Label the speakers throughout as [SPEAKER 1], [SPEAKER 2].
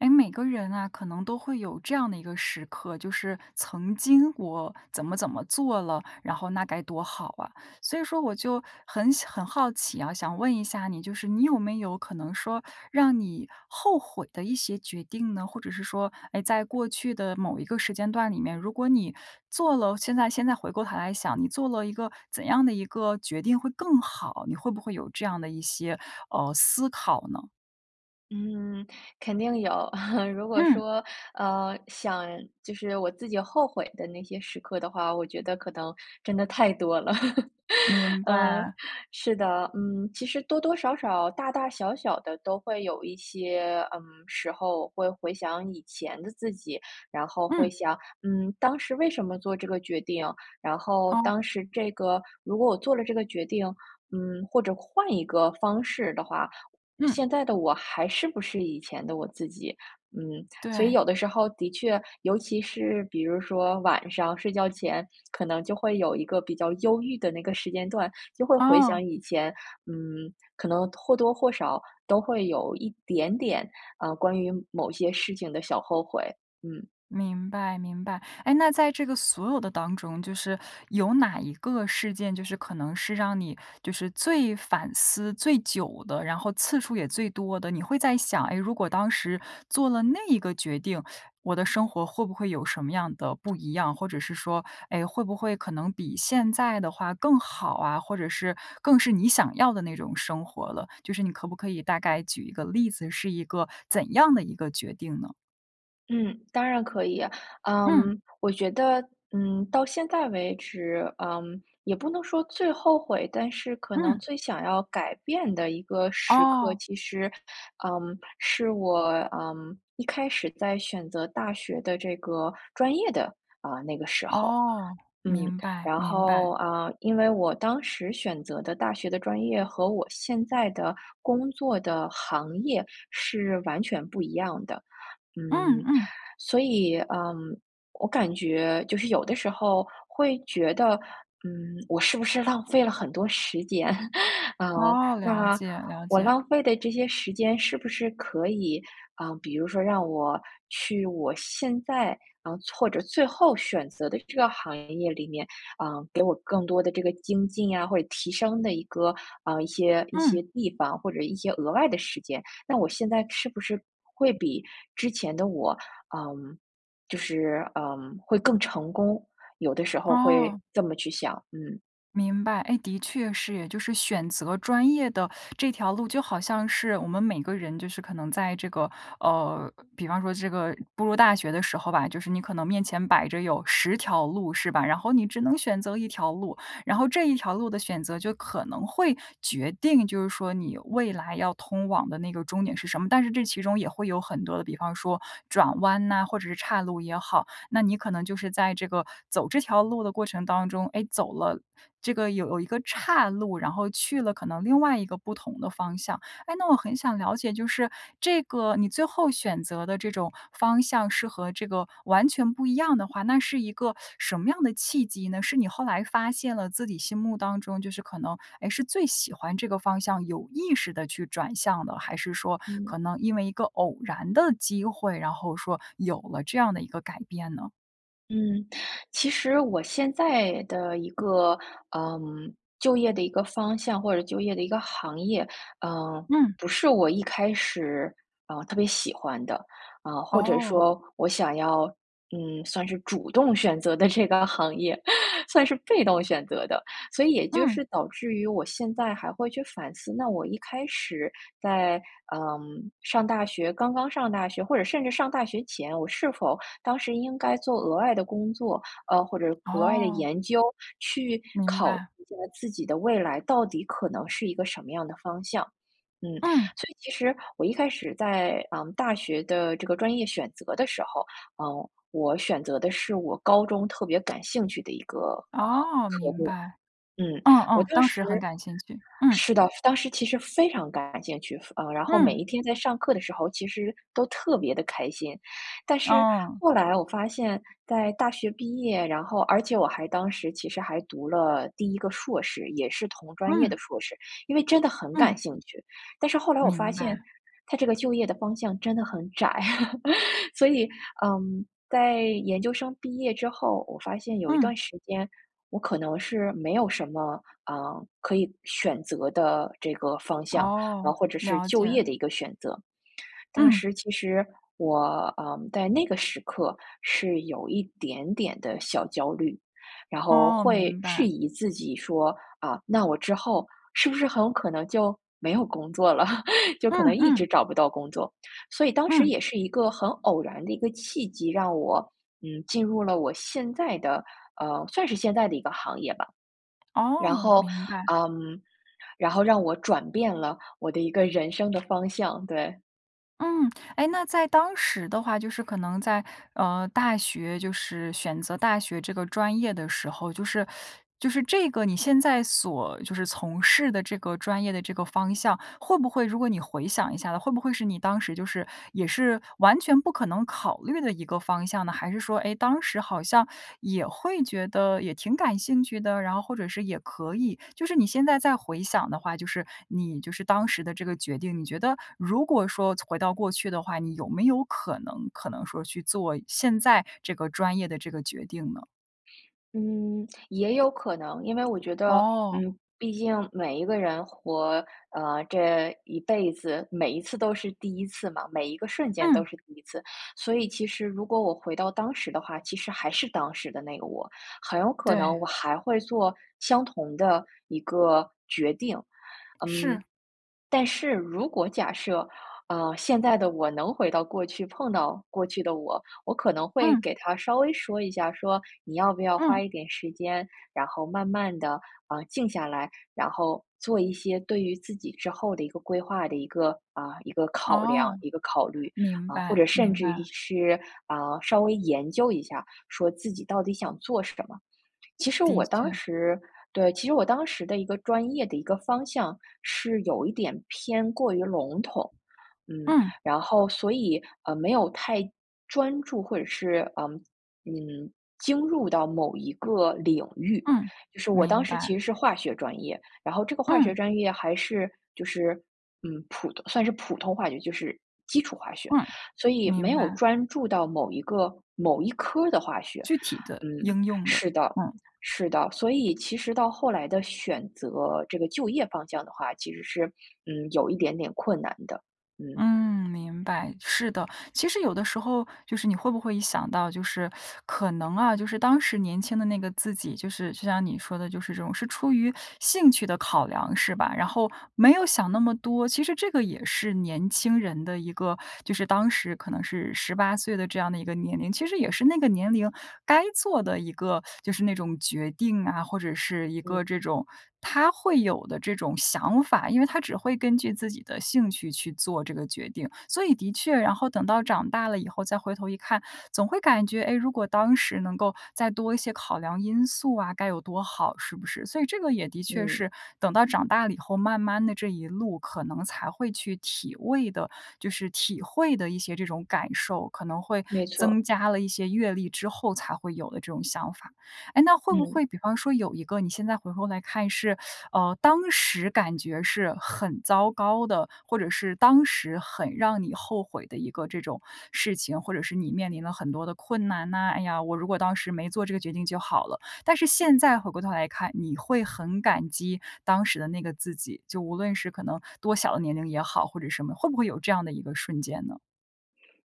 [SPEAKER 1] 哎，每个人啊，可能都会有这样的一个时刻，就是曾经我怎么怎么做了，然后那该多好啊，所以说我就很想很好奇啊，想问一下你，就是你有没有可能说让你后悔的一些决定呢？或者是说，诶，在过去的某一个时间段里面，如果你做了现在现在回过头来想，你做了一个怎样的一个决定会更好，你会不会有这样的一些，呃，思考呢？
[SPEAKER 2] 嗯，肯定有，如果
[SPEAKER 1] 嗯。
[SPEAKER 2] 说，呃，想就是我自己后悔的那些时刻的话，我觉得可能真的太多了。
[SPEAKER 1] 明
[SPEAKER 2] 嗯，
[SPEAKER 1] 白。
[SPEAKER 2] 是的，嗯，其实多多少少、大大小小的都会有一些，嗯，时候会回想以前的自己，然后会
[SPEAKER 1] 嗯。
[SPEAKER 2] 想，嗯，当时为什么做这个决定，然后
[SPEAKER 1] 哦。
[SPEAKER 2] 当时这个，如果我做了这个决定，嗯，或者换一个方式的话，我
[SPEAKER 1] 嗯。
[SPEAKER 2] 现在的我还是不是以前的我自己，嗯。所以
[SPEAKER 1] 对。
[SPEAKER 2] 有的时候的确，尤其是比如说晚上睡觉前可能就会有一个比较忧郁的那个时间段，就会回
[SPEAKER 1] 哦。
[SPEAKER 2] 想以前，嗯，可能或多或少都会有一点点，啊，关于某些事情的小后悔，嗯。
[SPEAKER 1] 明白，明白，哎，那在这个所有的当中，就是有哪一个事件，就是可能是让你就是最反思最久的，然后次数也最多的，你会在想，诶，如果当时做了那一个决定，我的生活会不会有什么样的不一样。或者是说，哎，会不会可能比现在的话更好啊，或者是更是你想要的那种生活了，就是你可不可以大概举一个例子，是一个怎样的一个决定呢？
[SPEAKER 2] 嗯，当然可以。
[SPEAKER 1] 嗯。
[SPEAKER 2] 嗯，我觉得，嗯，到现在为止，嗯，也不能说最后悔，但是可能
[SPEAKER 1] 嗯。
[SPEAKER 2] 最想要改变的一个时刻，
[SPEAKER 1] 哦。
[SPEAKER 2] 其实，嗯，是我，嗯，一开始在选择大学的这个专业的，啊，那个时候。
[SPEAKER 1] 哦，
[SPEAKER 2] 嗯，
[SPEAKER 1] 明白，
[SPEAKER 2] 然
[SPEAKER 1] 明白。
[SPEAKER 2] 后，啊，因为我当时选择的大学的专业和我现在的工作的行业是完全不一样的，
[SPEAKER 1] 嗯，
[SPEAKER 2] 嗯，
[SPEAKER 1] 嗯。
[SPEAKER 2] 所以，呃，我感觉就是有的时候会觉得，嗯，我是不是浪费了很多时间。嗯，
[SPEAKER 1] 哦，了
[SPEAKER 2] 那
[SPEAKER 1] 解，了
[SPEAKER 2] 我
[SPEAKER 1] 解。
[SPEAKER 2] 浪费的这些时间是不是可以，啊，比如说让我去我现在，啊，或者最后选择的这个行业里面，呃，给我更多的这个精进啊，或者提升的一个，啊，一些一
[SPEAKER 1] 嗯。
[SPEAKER 2] 些地方，或者一些额外的时间，那我现在是不是会比之前的我，嗯，就是，呃，会更成功，有的时候会
[SPEAKER 1] 哦。
[SPEAKER 2] 这么去想，嗯。
[SPEAKER 1] 明白，哎，的确是哎，就是选择专业的这条路就好像是我们每个人就是可能在这个呃，比方说这个步入大学的时候吧，就是你可能面前摆着有10条路是吧，然后你只能选择1条路，然后这一条路的选择就可能会决定，就是说你未来要通往的那个终点是什么。但是这其中也会有很多的，比方说转弯呐，或者是叉路也好，那你可能就是在这个，走这条路的过程当中，哎，走了这个有了一个岔路，然后去了可能另外一个不同的方向。哎，那我很想了解，就是这个你最后选择的这种方向是和这个完全不一样的话，那是一个什么样的契机呢？是你后来发现了自己心目当中就是可能，哎，是最喜欢这个方向，有意识地去转向的，还是说
[SPEAKER 2] 嗯。
[SPEAKER 1] 可能因为一个偶然的机会，然后说有了这样的一个改变呢？
[SPEAKER 2] 嗯，其实我现在的一个，嗯，就业的一个方向或者就业的一个行业，呃，
[SPEAKER 1] 嗯。
[SPEAKER 2] 不是我一开始，呃，特别喜欢的，啊，或者
[SPEAKER 1] 哦。
[SPEAKER 2] 说我想要，嗯，算是主动选择的这个行业，算是被动选择的。所以也就
[SPEAKER 1] 嗯。
[SPEAKER 2] 是导致于我现在还会去反思，那我一开始在，呃，上大学刚刚上大学或者甚至上大学前，我是否当时应该做额外的工作，呃，或者额外的
[SPEAKER 1] 哦。
[SPEAKER 2] 研究，去
[SPEAKER 1] 明
[SPEAKER 2] 考虑
[SPEAKER 1] 白。
[SPEAKER 2] 一下自己的未来到底可能是一个什么样的方向，嗯。
[SPEAKER 1] 嗯。
[SPEAKER 2] 所以其实我一开始在，嗯，大学的这个专业选择的时候，呃，我选择的是我高中特别感兴趣的一个，呃，
[SPEAKER 1] 哦，
[SPEAKER 2] 科
[SPEAKER 1] 明
[SPEAKER 2] 目，
[SPEAKER 1] 白。
[SPEAKER 2] 嗯，
[SPEAKER 1] 嗯，
[SPEAKER 2] 我
[SPEAKER 1] 嗯，
[SPEAKER 2] 当
[SPEAKER 1] 当
[SPEAKER 2] 时
[SPEAKER 1] 时很感兴趣，嗯。
[SPEAKER 2] 是的，当时其实非常感兴趣，呃，然后每
[SPEAKER 1] 嗯。
[SPEAKER 2] 一天在上课的时候其实都特别地开心。但是
[SPEAKER 1] 嗯。
[SPEAKER 2] 后来我发现在大学毕业，然后而且我还当时其实还读了第1个硕士，也是同专业
[SPEAKER 1] 嗯。
[SPEAKER 2] 的硕士，因为真的很感
[SPEAKER 1] 嗯。
[SPEAKER 2] 兴趣。但是后来我发
[SPEAKER 1] 明
[SPEAKER 2] 现
[SPEAKER 1] 白。
[SPEAKER 2] 它这个就业的方向真的很窄，所以，嗯，在研究生毕业之后，我发现有一
[SPEAKER 1] 嗯。
[SPEAKER 2] 段时间，我可能是没有什么，呃，可以选择的这个方向，嗯，
[SPEAKER 1] 哦，
[SPEAKER 2] 或者是
[SPEAKER 1] 了
[SPEAKER 2] 就业
[SPEAKER 1] 解。
[SPEAKER 2] 的一个选择。当
[SPEAKER 1] 嗯。
[SPEAKER 2] 时其实我，呃，在那个时刻是有一点点的小焦虑，然后
[SPEAKER 1] 哦，
[SPEAKER 2] 会
[SPEAKER 1] 明
[SPEAKER 2] 质
[SPEAKER 1] 白。
[SPEAKER 2] 疑自己说，啊，那我之后是不是很有可能就没有工作了，就
[SPEAKER 1] 嗯，
[SPEAKER 2] 可能一
[SPEAKER 1] 嗯。
[SPEAKER 2] 直找不到工作。所以当时
[SPEAKER 1] 嗯。
[SPEAKER 2] 也是一个很偶然的一个契机，让我，嗯，进入了我现在的呃，算是现在的一个行业吧。然
[SPEAKER 1] 哦，
[SPEAKER 2] 后，
[SPEAKER 1] 明白。
[SPEAKER 2] 嗯，然后让我转变了我的一个人生的方向，对。
[SPEAKER 1] 嗯，哎，那在当时的话，就是可能在，呃，大学就是选择大学这个专业的时候，就是，就是这个你现在所就是从事的这个专业的这个方向，会不会如果你回想一下，会不会是你当时，就是也是完全不可能考虑的一个方向呢？还是说，诶，当时好像也会觉得也挺感兴趣的，然后或者是也可以。就是你现在再回想的话，就是你就是当时的这个决定，你觉得如果说从回到过去的话，你有没有可能可能说去做现在这个专业的这个决定呢？
[SPEAKER 2] 嗯，也有可能，因为我觉得，
[SPEAKER 1] 哦。
[SPEAKER 2] 嗯，毕竟每一个人活，呃，这一辈子，每一次都是第一次嘛，每一个瞬间都
[SPEAKER 1] 嗯。
[SPEAKER 2] 是第一次，所以其实如果我回到当时的话，其实还是当时的那个我，很有可
[SPEAKER 1] 对。
[SPEAKER 2] 能我还会做相同的一个决定。嗯，
[SPEAKER 1] 是。
[SPEAKER 2] 但是如果假设，呃，现在的我能回到过去，碰到过去的我，我可能会
[SPEAKER 1] 嗯。
[SPEAKER 2] 给她稍微说一下，说：“你要不要花
[SPEAKER 1] 嗯。
[SPEAKER 2] 一点时间，然后慢慢地，啊，静下来，然后做一些对于自己之后的一个规划的一个啊，一个考量、
[SPEAKER 1] 哦。
[SPEAKER 2] 一个考虑。
[SPEAKER 1] 明
[SPEAKER 2] “啊，或
[SPEAKER 1] 白，
[SPEAKER 2] 者甚
[SPEAKER 1] 明
[SPEAKER 2] 至于
[SPEAKER 1] 白。
[SPEAKER 2] 是，啊，稍微研究一下，说自己到底想做什么。其实
[SPEAKER 1] 的
[SPEAKER 2] 我
[SPEAKER 1] 确。
[SPEAKER 2] 当时对，其实我当时的一个专业的一个方向，是有一点偏过于笼统。嗯，
[SPEAKER 1] 嗯。
[SPEAKER 2] 然后所以，呃，没有太专注，或者是，嗯，嗯，精入到某一个领域。
[SPEAKER 1] 嗯，
[SPEAKER 2] 就是我当
[SPEAKER 1] 明
[SPEAKER 2] 时其
[SPEAKER 1] 白。
[SPEAKER 2] 实是化学专业，然后这个化学
[SPEAKER 1] 嗯。
[SPEAKER 2] 专业还是，就是，嗯，普通算是普通化学，就是基础化学，
[SPEAKER 1] 嗯，
[SPEAKER 2] 所以没
[SPEAKER 1] 明
[SPEAKER 2] 有
[SPEAKER 1] 白。
[SPEAKER 2] 专注到某一个某一科的化学。
[SPEAKER 1] 具体的，
[SPEAKER 2] 嗯，
[SPEAKER 1] 应用的。
[SPEAKER 2] 是的，
[SPEAKER 1] 嗯。
[SPEAKER 2] 是的，所以其实到后来的选择这个就业方向的话，其实是，嗯，有一点点困难的，嗯。
[SPEAKER 1] 嗯，明白，是的，其实有的时候，就是你会不会一想到，就是 可能啊，就是当时年轻的那个自己，就是就像你说的，就是这种是出于兴趣的考量，是吧？然后，没有想那么多。其实这个也是年轻人的一个，就是当时可能是18岁的这样的一个年龄，其实也是那个年龄该做的一个，就是那种决定啊，或者是一
[SPEAKER 2] 嗯。
[SPEAKER 1] 个这种她会有的这种想法，因为她只会根据自己的兴趣去做这个决定。所以的确，然后等到长大了以后再回头一看，总会感觉，诶，如果当时能够再多一些考量因素啊，该有多好，是不是？所以这个也的确
[SPEAKER 2] 嗯。
[SPEAKER 1] 是等到长大了以后，慢慢地这一路可能才会去体味的，就是体会的一些这种感受，可能会
[SPEAKER 2] 没
[SPEAKER 1] 增
[SPEAKER 2] 错。
[SPEAKER 1] 加了一些阅历之后才会有的这种想法。哎，那会不
[SPEAKER 2] 嗯。
[SPEAKER 1] 会比方说有一个你现在回头来看，是，呃，当时感觉是很糟糕的，或者是当时很让你后悔的一个这种事情，或者是你面临了很多的困难呐，“哎呀，我如果当时没做这个决定就好了”。但是现在回过头来看，你会很感激当时的那个自己，就无论是可能多小的年龄也好，或者什么，会不会有这样的一个瞬间呢？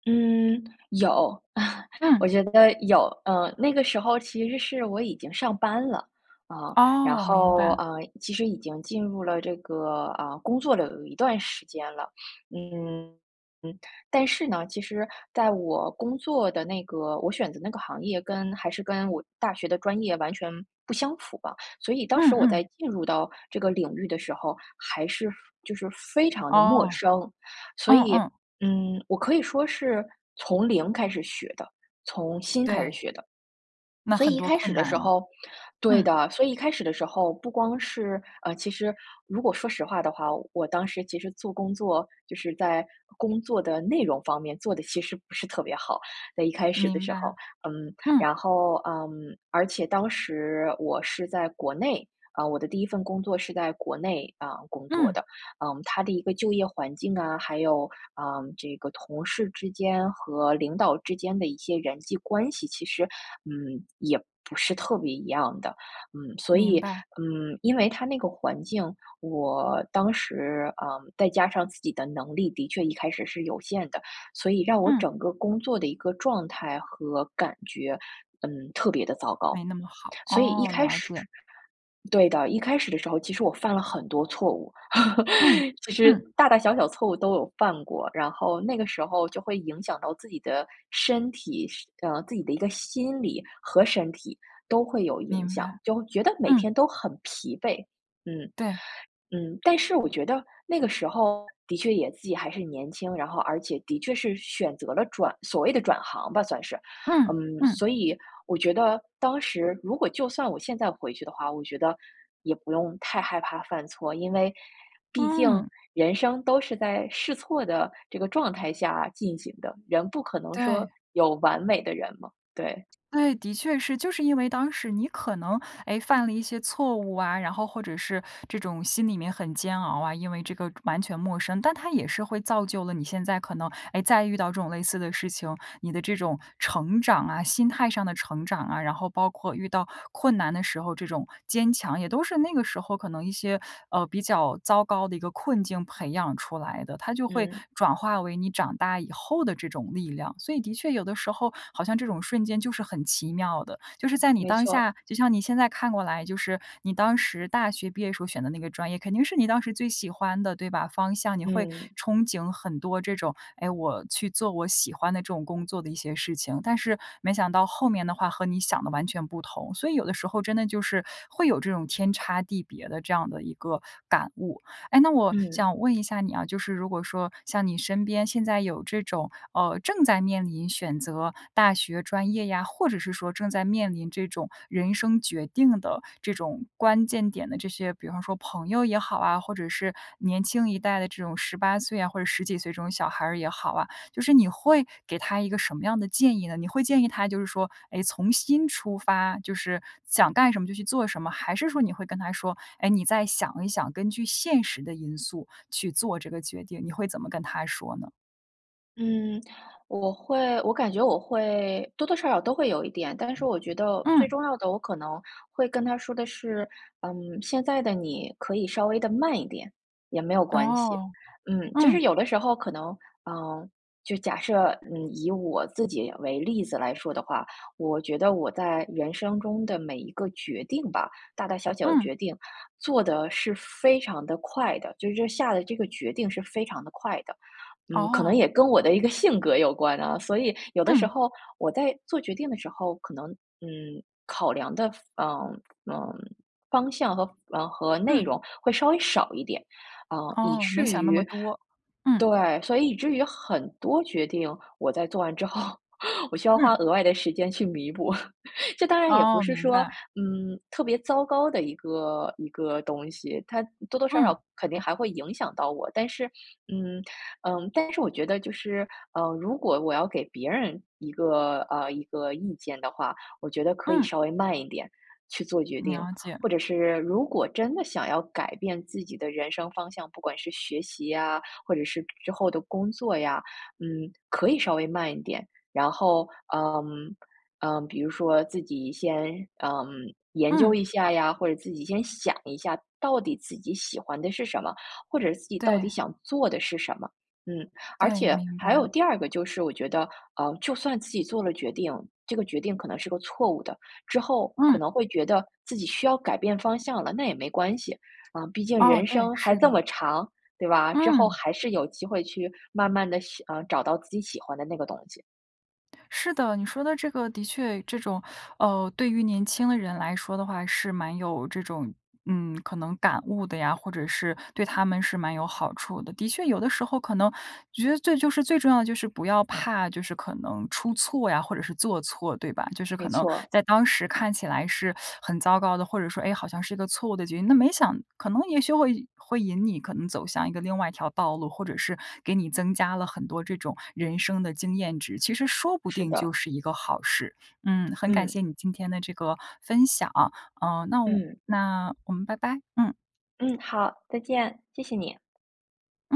[SPEAKER 2] 嗯，有，
[SPEAKER 1] 嗯。
[SPEAKER 2] 我觉得有。呃，那个时候其实是我已经上班了，啊，然
[SPEAKER 1] 哦，明
[SPEAKER 2] 后，
[SPEAKER 1] 白。
[SPEAKER 2] 呃，其实已经进入了这个，呃，工作了有一段时间了。嗯，嗯。但是呢，其实在我工作的那个我选择那个行业跟还是跟我大学的专业完全不相符吧，所以当
[SPEAKER 1] 嗯，
[SPEAKER 2] 时我
[SPEAKER 1] 嗯。
[SPEAKER 2] 在进入到这个领域的时候，还是非就是非常地陌
[SPEAKER 1] 哦，
[SPEAKER 2] 生。所
[SPEAKER 1] 嗯，
[SPEAKER 2] 以，
[SPEAKER 1] 嗯。
[SPEAKER 2] 嗯，我可以说是从零开始学的，从新开始
[SPEAKER 1] 对。
[SPEAKER 2] 学的。
[SPEAKER 1] 那
[SPEAKER 2] 所以
[SPEAKER 1] 很
[SPEAKER 2] 一
[SPEAKER 1] 多
[SPEAKER 2] 开
[SPEAKER 1] 困
[SPEAKER 2] 始的
[SPEAKER 1] 难
[SPEAKER 2] 时
[SPEAKER 1] 啊，
[SPEAKER 2] 候对
[SPEAKER 1] 嗯。
[SPEAKER 2] 的，所以一开始的时候不光是呃，其实如果说实话的话，我当时其实做工作，就是在工作的内容方面做得其实不是特别好，在一开始的
[SPEAKER 1] 明
[SPEAKER 2] 时候。
[SPEAKER 1] 白，
[SPEAKER 2] 嗯，
[SPEAKER 1] 嗯。
[SPEAKER 2] 然后，嗯，而且当时我是在国内，啊，我的第1份工作是在国内，啊，工作
[SPEAKER 1] 嗯。
[SPEAKER 2] 的，嗯，它的一个就业环境啊，还有，呃，这个同事之间和领导之间的一些人际关系，其实，嗯，也不是特别一样的。嗯，所
[SPEAKER 1] 明
[SPEAKER 2] 以，
[SPEAKER 1] 白。
[SPEAKER 2] 嗯，因为它那个环境，我当时，呃，再加上自己的能力的确一开始是有限的，所以让我
[SPEAKER 1] 嗯。
[SPEAKER 2] 整个工作的一个状态和感觉，嗯，特别地糟糕。
[SPEAKER 1] 没那么好。
[SPEAKER 2] 所以一
[SPEAKER 1] 哦，
[SPEAKER 2] 开
[SPEAKER 1] 了
[SPEAKER 2] 始
[SPEAKER 1] 解。
[SPEAKER 2] 对的，一开始的时候其实我犯了很多错误，
[SPEAKER 1] 嗯，
[SPEAKER 2] 其实
[SPEAKER 1] 嗯。
[SPEAKER 2] 大大小小错误都有犯过，然后那个时候就会影响到自己的身体，是呃，自己的一个心理和身体都会有影
[SPEAKER 1] 明白，
[SPEAKER 2] 响，就觉得每
[SPEAKER 1] 嗯。
[SPEAKER 2] 天都很疲惫。嗯，
[SPEAKER 1] 对。
[SPEAKER 2] 嗯，但是我觉得那个时候的确也自己还是年轻，然后而且的确是选择了转所谓的转行吧，算是。
[SPEAKER 1] 嗯，
[SPEAKER 2] 嗯，
[SPEAKER 1] 嗯。
[SPEAKER 2] 所以我觉得，当时如果就算我现在回去的话，我觉得也不用太害怕犯错，因为毕竟
[SPEAKER 1] 嗯。
[SPEAKER 2] 人生都是在试错的这个状态下进行的，人不可能说
[SPEAKER 1] 对。
[SPEAKER 2] 有完美的人嘛，对。
[SPEAKER 1] 对，的确是。就是因为当时你可能，诶，犯了一些错误啊，然后或者是这种心里面很煎熬啊，因为这个完全陌生，但它也是会造就了你现在可能，哎，再遇到这种类似的事情，你的这种成长啊，心态上的成长啊，然后包括遇到困难的时候，这种坚强也都是那个时候可能一些，呃，比较糟糕的一个困境培养出来的，它就会
[SPEAKER 2] 嗯。
[SPEAKER 1] 转化为你长大以后的这种力量。所以的确有的时候，好像这种瞬间就是很奇妙的，就是在你
[SPEAKER 2] 没
[SPEAKER 1] 当
[SPEAKER 2] 错。
[SPEAKER 1] 下，就像你现在看过来，就是你当时大学毕业时候选的那个专业，肯定是你当时最喜欢的，对吧？方向，你会
[SPEAKER 2] 嗯。
[SPEAKER 1] 憧憬很多这种，哎，我去做我喜欢的这种工作的一些事情，但是没想到后面的话和你想的完全不同，所以有的时候真的就是，会有这种天差地别的这样的一个感悟。哎，那我
[SPEAKER 2] 嗯。
[SPEAKER 1] 想问一下你啊，就是如果说像你身边现在有这种，呃，正在面临选择大学专业呀，或者是说正在面临这种人生决定的这种关键点的这些比方说朋友也好啊，或者是年轻一代的这种18岁啊，或者10几岁这种小孩儿也好啊，就是你会给他一个什么样的建议呢？你会建议他就是说，哎，从心出发，就是想干什么就去做什么，还是说你会跟他说，哎，你再想一想，根据现实的因素去做这个决定，你会怎么跟他说呢？
[SPEAKER 2] 嗯，我会我感觉我会多多少少都会有一点，但是我觉得最
[SPEAKER 1] 嗯。
[SPEAKER 2] 重要的，我可能会跟她说的是，嗯，“现在的你可以稍微地慢一点，也没有关系。”
[SPEAKER 1] 哦，
[SPEAKER 2] 嗯，就
[SPEAKER 1] 嗯。
[SPEAKER 2] 是有的时候可能，嗯，就假设，嗯，以我自己为例子来说的话，我觉得我在人生中的每一个决定吧，大大小小的
[SPEAKER 1] 嗯。
[SPEAKER 2] 决定做得是非常地快的，就是这下的这个决定是非常地快的。嗯，可能
[SPEAKER 1] 哦。
[SPEAKER 2] 也跟我的一个性格有关啊，所以有的时
[SPEAKER 1] 嗯。
[SPEAKER 2] 候我在做决定的时候，可能，嗯，考量的范嗯，嗯，方向和嗯，和内
[SPEAKER 1] 嗯。
[SPEAKER 2] 容会稍微少一点。啊，以
[SPEAKER 1] 哦，没
[SPEAKER 2] 至
[SPEAKER 1] 想那么
[SPEAKER 2] 于
[SPEAKER 1] 多，嗯。
[SPEAKER 2] 对，所以以至于很多决定，我在做完之后，我需要花
[SPEAKER 1] 嗯。
[SPEAKER 2] 额外的时间去弥补。这当然也不
[SPEAKER 1] 哦，
[SPEAKER 2] 是
[SPEAKER 1] 明
[SPEAKER 2] 说，
[SPEAKER 1] 白。
[SPEAKER 2] 嗯，特别糟糕的一个一个东西，它多多少
[SPEAKER 1] 嗯。
[SPEAKER 2] 少肯定还会影响到我，但是，嗯，嗯，但是我觉得就是，嗯，如果我要给别人一个，呃，一个意见的话，我觉得可以
[SPEAKER 1] 嗯。
[SPEAKER 2] 稍微慢一点去做决定。
[SPEAKER 1] 了解。
[SPEAKER 2] 或者是如果真的想要改变自己的人生方向，不管是学习呀，或者是之后的工作呀，嗯，可以稍微慢一点。然后，嗯，嗯，比如说自己先，嗯，研究
[SPEAKER 1] 嗯。
[SPEAKER 2] 一下呀，或者自己先想一下到底自己喜欢的是什么，或者自己到底
[SPEAKER 1] 对。
[SPEAKER 2] 想做的是什么，嗯。而
[SPEAKER 1] 对，
[SPEAKER 2] 且
[SPEAKER 1] 明
[SPEAKER 2] 还
[SPEAKER 1] 白。
[SPEAKER 2] 有第二个就是我觉得，呃，就算自己做了决定，这个决定可能是个错误的，之后，可
[SPEAKER 1] 嗯。
[SPEAKER 2] 能会觉得自己需要改变方向了，那也没关系，啊，毕竟
[SPEAKER 1] 哦，
[SPEAKER 2] 人
[SPEAKER 1] 对，
[SPEAKER 2] 生还
[SPEAKER 1] 是
[SPEAKER 2] 这
[SPEAKER 1] 的。
[SPEAKER 2] 么长，对吧？之后
[SPEAKER 1] 嗯。
[SPEAKER 2] 还是有机会去慢慢地喜呃，找到自己喜欢的那个东西。
[SPEAKER 1] 是的，你说的这个的确这种，呃，对于年轻的人来说的话是蛮有这种，嗯，可能感悟的呀，或者是对他们是蛮有好处的。的确有的时候可能觉得就是最重要的就是不要怕就是可能出错呀，或者是做错对吧？就是可
[SPEAKER 2] 没
[SPEAKER 1] 能
[SPEAKER 2] 错。
[SPEAKER 1] 在当时看起来是 很糟糕的，或者说，哎，好像是个错误的决定，那没想可能也许会会引你可能走向一个另外一条道路，或者是给你增加了很多这种人生的经验值，其实说不
[SPEAKER 2] 是
[SPEAKER 1] 定就
[SPEAKER 2] 的。
[SPEAKER 1] 是一个好事。嗯，很感
[SPEAKER 2] 嗯。
[SPEAKER 1] 谢你今天的这个分享啊，呃，那我
[SPEAKER 2] 嗯。
[SPEAKER 1] 那我们拜拜，嗯。
[SPEAKER 2] 嗯，好，再见，谢谢你。
[SPEAKER 1] 嗯。